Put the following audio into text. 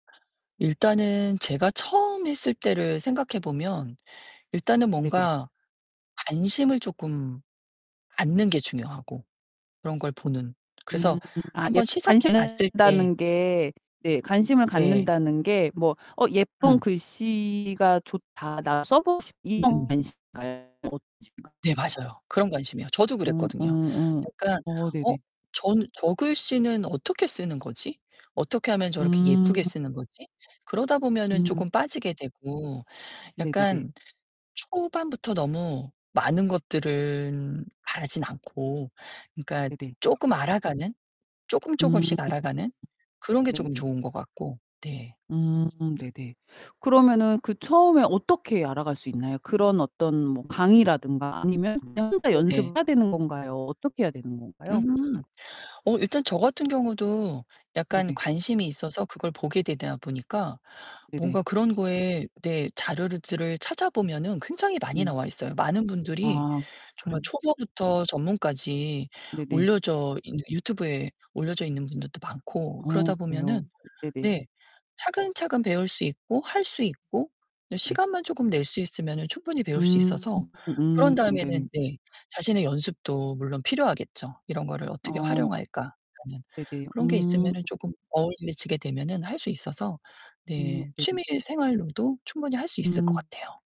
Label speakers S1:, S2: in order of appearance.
S1: 일단은 제가 처음 했을 때를 생각해 보면 일단은
S2: 네네.
S1: 뭔가 관심을 조끔 갖는 게 중요하고 그런 걸 보는. 그래서
S2: 음. 아
S1: 1
S2: 예
S1: 번 시작해
S2: 관심
S1: 봤을 때
S2: 갖는다는 게 네 관심을
S1: 네.
S2: 갖는다는 게 뭐 '어 예쁜
S1: 음.
S2: 글씨가 좋다. 나 써 보고 싶다.' 이런
S1: 음음.
S2: 관심인가요? 어떤
S1: 네
S2: 관심인가요?
S1: 맞아요. 그런 관심이에요. 저도
S2: 음
S1: 그랬거든요.
S2: 음 음.
S1: 그러니까
S2: 어
S1: '어?
S2: 네네.
S1: 전 저 글씨는 어떻게 쓰는 거지? 어떻게 하면 저렇게 예쁘게
S2: 음.
S1: 쓰는 거지?' 그러다 보면은
S2: 음.
S1: 쪼금 빠지게 되고
S2: 네네네.
S1: 약간 초반부터 너무 많은 것들은 바라진 않고 그러니까
S2: 네네.
S1: 쪼끔 알아가는, 쪼끔
S2: 음.
S1: 쪼끔씩 알아가는 그런 게 쪼금
S2: 네네.
S1: 좋은 것 같고 네.
S2: 음 네네. 그러면은 그 처음에 어떻게 알아갈 수 있나요? 그런 어떤 뭐
S1: 음.
S2: 강의라든가 아니면 그냥 혼자
S1: 네네.
S2: 연습을 해야 되는 건가요, 어떻게 해야 되는 건가요?
S1: 음. 어 일단 저 같은 경우도 약간
S2: 네네.
S1: 관심이 있어서 그걸 보게 되다 보니까
S2: 네네.
S1: 뭔가 그런 거에 네 자료를 들을 찾아보면은 굉장히 많이
S2: 네.
S1: 나와 있어요. 많은 분들이
S2: 아
S1: 정말
S2: 그럼
S1: 초보부터 전문까지
S2: 네네.
S1: 올려져 있는 유튜브에 올려져 있는 분들도 많고
S2: 어
S1: 그러다
S2: 그래요?
S1: 보면은
S2: 네네.
S1: 네 차근차근 배울 수 있고 할 수 있고 네
S2: 네.
S1: 시간만 쪼금 낼 수 있으면은 충분히 배울 수
S2: 음.
S1: 있어서 그런
S2: 음 네.
S1: 다음에는 네 자신의 연습도 물론 필요하겠죠. '이런 거를 어떻게
S2: 어.
S1: 활용할까?' 라는
S2: 네네.
S1: 그런 게
S2: 음.
S1: 있으면은 쪼금 어울리지게 되면은 할 수 있어서
S2: 음
S1: 네
S2: 네네.
S1: 취미 생활로도 충분히 할 수 있을 것
S2: 음.
S1: 같아요.